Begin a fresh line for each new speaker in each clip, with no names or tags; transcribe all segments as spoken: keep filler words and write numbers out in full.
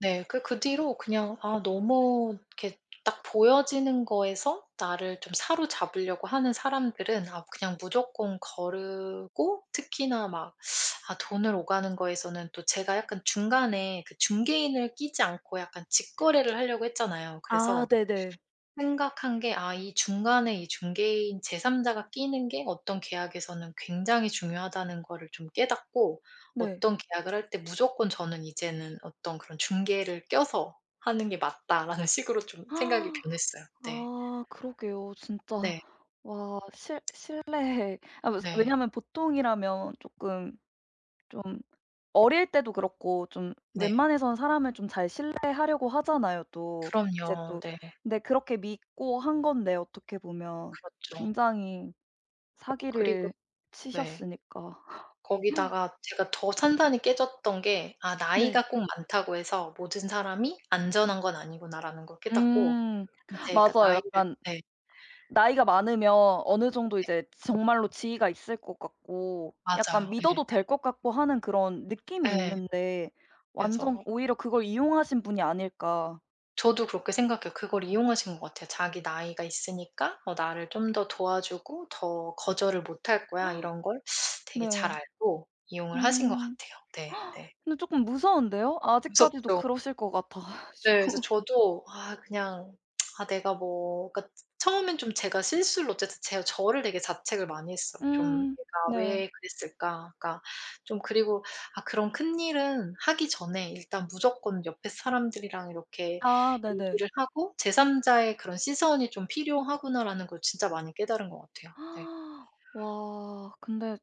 네. 그 그 뒤로 그냥 아 너무 이렇게 딱 보여지는 거에서 나를 좀 사로잡으려고 하는 사람들은 아 그냥 무조건 거르고 특히나 막 아 돈을 오가는 거에서는 또 제가 약간 중간에 그 중개인을 끼지 않고 약간 직거래를 하려고 했잖아요.
아.
그래서
네네.
생각한 게 아 이 중간에 이 중개인 제 삼 자가 끼는 게 어떤 계약에서는 굉장히 중요하다는 거를 좀 깨닫고
네.
어떤 계약을 할 때 무조건 저는 이제는 어떤 그런 중개를 껴서 하는 게 맞다라는 식으로 좀 생각이 변했어요. 네.
아. 그러게요. 진짜
네.
와 신 신뢰에 아
네.
왜냐면 보통이라면 쪼끔 좀 어릴 때도 그렇고 좀
네.
웬만해선 사람을 좀 잘 신뢰하려고 하잖아요 또. 이제
그럼요.
또
네.
근데 그렇게 믿고 한 건데 어떻게 보면
그렇죠.
굉장히
그리고
사기를
네.
치셨으니까.
거기다가 제가 더 산산이 깨졌던 게 '아
네.
나이가 꼭 많다고 해서 모든 사람이 안전한 건 아니구나.'라는 걸 깨닫고
음
이제 그러니까
맞아요.
나이를
약간
네.
나이가 많으면 어느 정도
네.
이제 정말로 지위가 있을 것 같고 약간
맞아요. 예예.
믿어도 될 것 같고 하는 그런 느낌이
예.
있는데 완전
그래서
오히려 그걸 이용하신 분이 아닐까.
저도 그렇게 생각해요. 그걸 이용하신 것 같아요. 자기 나이가 있으니까 어 나를 좀 더 도와주고 더 거절을 못할 거야 이런 걸 되게 잘
네.
알고 이용을 하신 것
음.
같아요. 네. 네.
근데 쪼끔 무서운데요. 아직까지도
무섭죠.
그러실 것 같아
네. 그래서
가지고.
저도 아 그냥 아 내가 뭐 그러니까 처음엔 좀 제가 실수를 어쨌든 제가 저를 되게 자책을 많이 했어요. 좀
음.
'내가
네.
왜 그랬을까.' 그러니까 좀 그리고 '아 그런 큰일은 하기 전에 일단 무조건 옆에 사람들이랑 이렇게
아. 네네.
얘기를 하고 제 삼 자의 그런 시선이 좀 필요하구나.'라는 걸 진짜 많이 깨달은 것 같아요. 네.
와. 근데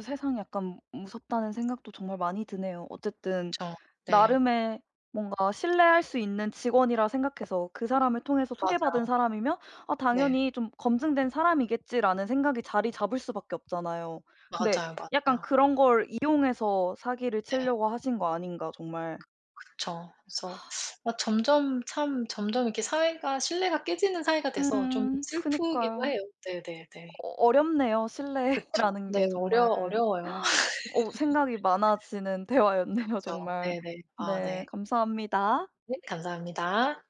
세상이 약간 무섭다는 생각도 정말 많이 드네요. 어쨌든
그쵸. 네.
나름의 뭔가 신뢰할 수 있는 직원이라 생각해서 그 사람을 통해서 소개받은
맞아요.
사람이면 '아
네.
당연히 좀 검증된 사람이겠지.'라는 생각이 자리 잡을 수 밖에 없잖아요. 근데
맞아요,
약간
맞아요.
그런 걸 이용해서 사기를
네.
치려고 하신 거 아닌가 정말.
그쵸. 그래서 아 점점 참 점점 이렇게 사회가 신뢰가 깨지는 사회가 돼서 좀
음.
슬프기도
그니까요.
해요. 네네네.
어 어렵네요.
그쵸.
신뢰라는
네.
게
어려
정말.
어려워요.
어 생각이 많아지는 대화였네요
그쵸.
정말.
네네. 아
네.
네.
감사합니다.
네. 감사합니다.